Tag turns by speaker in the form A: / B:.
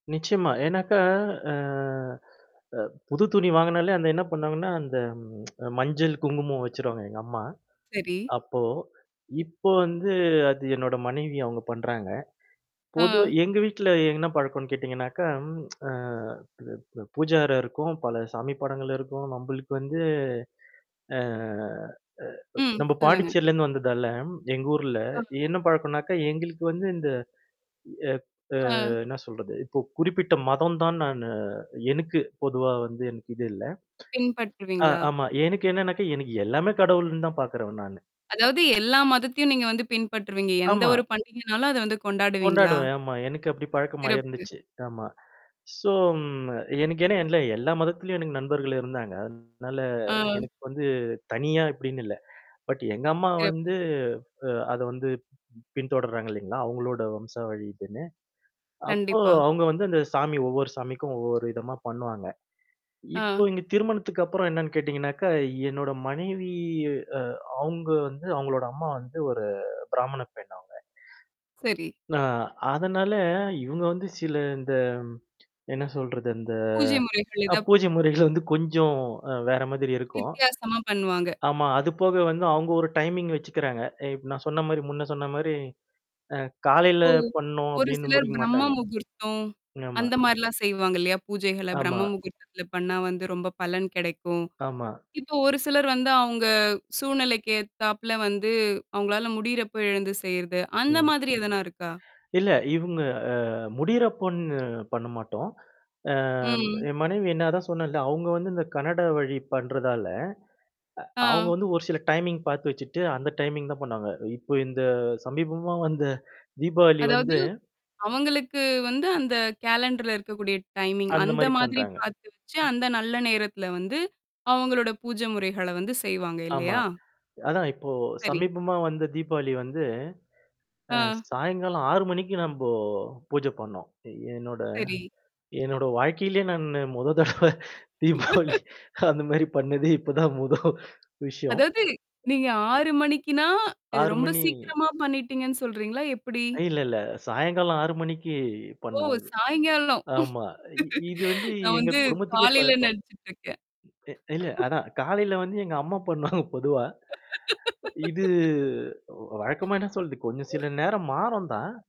A: நிச்சயமா. ஏனாக்க அ அ, புது துணி வாங்கனாலே அந்த என்னா பண்ணுவாங்கன்னா, ம் அந்த மஞ்சள், குங்குமம் வச்சுருவாங்க எங்க அம்மா,
B: சரி.
A: அப்போ. இப்போ வந்து அது என்னோட மனைவி அவுங்க பண்றாங்க. பொதுவா,
B: ஆ.
A: எங்க வீட்ல என்னா பழக்கம்ன்னு கேட்டீங்கன்னாக்கா, ம் அ ப் பு பூஜை அறை இருக்கும், பல சாமி படங்கள் இருக்கும், நம்பளுக்கு வந்து அ அ
B: ம்
A: நம்ப
B: சொல்லுங்க.
A: பாண்டிச்சேரிலருந்து வந்ததால, எங்க ஊர்ல,
B: ஆம்.
A: என்னா பழக்கனாக்கா, எங்களுக்கு வந்து இந்த எ அ
B: ஆ.
A: என்னா சொல்றது? இப்போ குறிப்பிட்ட மதம் தான் நானு எனக்கு பொதுவா வந்து எனக்கு இது இல்ல. அ,
B: பின்பற்றுவீங்களா?
A: ஆமா. எனக்கு என்னான்னாக்கா? எனக்கு எல்லாமே கடவுள்ன்னு தான் பாக்குறவன் நானு.
B: அதாவது, எல்லா மதத்தையும் நீங்க வந்து பின்பற்றுவீங்க? எந்த
A: ஆமா.
B: ஒரு பண்டிகைனாலும், அத வந்து கொண்டாடுவீங்களா?
A: கொண்டாடுவேன். ஆமா, எனக்கு அப்படி பழக்கமா
B: சிறப்பு.
A: இருந்துச்சு. ஆமா, ஸோ ம் எனக்கு ஏன்னா, எல்லா- எல்லா மதத்திலயும் எனக்கு நண்பர்கள் இருந்தாங்க. அதனால
B: அம்.
A: எனுக்கு வந்து தனியா இப்டின்னு இல்ல. பட் எங்க அம்மா
B: சிறப்பு.
A: வந்து அ அத வந்து ம் பின்தொடர்றாங்க இல்லைங்களா? அவுங்களோட வம்சா வழி இதுன்னு, அப்போ,
B: கண்டிப்பா.
A: அவுங்க வந்து அந்த சாமி ஒவ்வொரு சாமிக்கும் ஒவ்வொரு விதமா பண்ணுவாங்க. இப்போ
B: ஆ.
A: இங்க திருமணத்துக்கு அப்புறம் என்னான்னு கேட்டீங்கன்னாக்கா, என்னோட மனைவி அ, அவுங்க வந்து அவுங்களோட அம்மா வந்து ஒரு பிராமண பெண் அவுங்க.
B: சரி.
A: ந அதனால, இவுங்க வந்து சில இந்த என்னா சொல்றது? அந்த.
B: பூஜை முறைகள்
A: அ
B: எதப்
A: பூஜை முறைகள வந்து கொஞ்சம் அ வேற மாதிரி இருக்கும்.
B: வித்தியாசமா பண்ணுவாங்க.
A: ஆமா. அது போக வந்து அவுங்க ஒரு டைமிங் வச்சுக்கிறாங்க. அ இப்ப நான் சொன்னா மாரி முன்ன சொன்ன மாரி, அ, காலையில
B: இப்போ,
A: பண்ணோம்
B: ஒரு
A: அப்டின்னு
B: சிலர்
A: முடிக்க
B: பிரம்ம
A: மாட்டாங்க.
B: முகூர்த்தம்.
A: ஆமா.
B: அந்த மாரிலாம் செய்வாங்க இல்லையா? பூஜைகள
A: ஆமா.
B: பிரம்ம முகூர்த்தத்தில பண்ணா வந்து, ரொம்ப பலன் கெடைக்கும்.
A: ஆமா.
B: இப்ப ஒரு சிலர் வந்து, அவுங்க சூழ்நிலைக்கு ஏத்தாப்ல வந்து, அவுங்களால முடியிறப்ப எழந்து செய்றது, அந்த
A: ம்.
B: மாதிரி எதனா இருக்கா?
A: இல்ல. இவுங்க அ முடியிறப்பன்னு, பண்ண மாட்டோம். அ ம்
B: ம்.
A: என் மனைவி நான் அதான் சொன்னேன்ல. அவுங்க வந்து இந்த கன்னட வழி பண்றதால, அ அவுங்க
B: ஆ.
A: வந்து ஒரு சில டைமிங் பாத்து வச்சுட்டு, அந்த டைமிங் தான் பண்ணுவாங்க. இப்ப இந்த சமீபமா வந்த தீபாவளி
B: அதாவது.
A: வந்து
B: அவங்களுக்கு வந்து, அந்த கேலண்டர்ல இருக்கக்கூடிய டைமிங்
A: அந்த
B: அந்த
A: மாரி
B: மாதிரி
A: பண்றாங்க.
B: பாத்து வச்சு,
A: ம்.
B: அந்த நல்ல நேரத்தில வந்து, அவுங்களோட பூஜை முறைகள வந்து செய்வாங்க
A: ஆமா.
B: இல்லையா?
A: அதான், இப்போ
B: சரி.
A: சமீபமா வந்த தீபாவளி வந்து அ
B: ஆ.
A: சாயங்காலம் 6:00 நம்போ பூஜை பண்ணோம். என்னோட
B: சரி.
A: என்னோட வாழ்க்கையிலயே நானு மொத தடவ தீபாவளி அந்த மாரி பண்ணதே இப்ப தான் முத விஷயம்.
B: அதாவது, நீங்க 6:00 மணிக்குன்னா, இது
A: ஆறு
B: ரொம்ப
A: மணி
B: சீக்கிரமா பண்ணிட்டீங்கன்னு சொல்றீங்களா? எப்படி?
A: அ, இல்ல இல்ல. சாயங்காலம் 6:00
B: ஓ!
A: பண்ணுவோம் இது.
B: சாயங்காலம்.
A: ஆமா. இ இது வந்து
B: நான்
A: எங்க
B: வந்து
A: குடும்பத்துக்கே
B: காலையில
A: பழக்கம்.
B: நடிச்சுட்டுருக்கேன்.
A: அ, இல்ல அதான் காலையில வந்து எங்க அம்மா பண்ணுவாங்க பொதுவா. இது வ் வழக்கமா என்னா சொல்றது? கொஞ்சம் சில நேரம் மாறும் தான்.